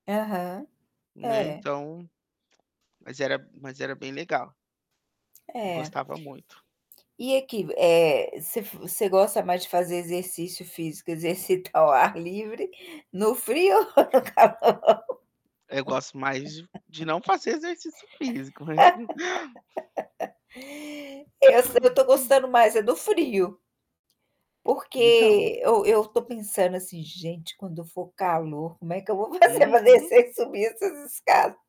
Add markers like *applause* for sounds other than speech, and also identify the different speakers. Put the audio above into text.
Speaker 1: Aham.
Speaker 2: Né,
Speaker 1: É.
Speaker 2: então mas era mas era bem legal. Eu
Speaker 1: É.
Speaker 2: gostava muito.
Speaker 1: E aqui v eh, você f você gosta mais de fazer exercício físico, exercitar ao ar livre, no frio ou no calor?
Speaker 2: Eu gosto mais de de não fazer exercício físico mas, não
Speaker 1: *laughs* Eu so eu estou gostando mais é do frio.
Speaker 2: Então
Speaker 1: Porque eu eu estou pensando assim: "Gente, quando for calor como é que eu vou fazer para
Speaker 2: Uhum.
Speaker 1: descer e subir essas escadas?".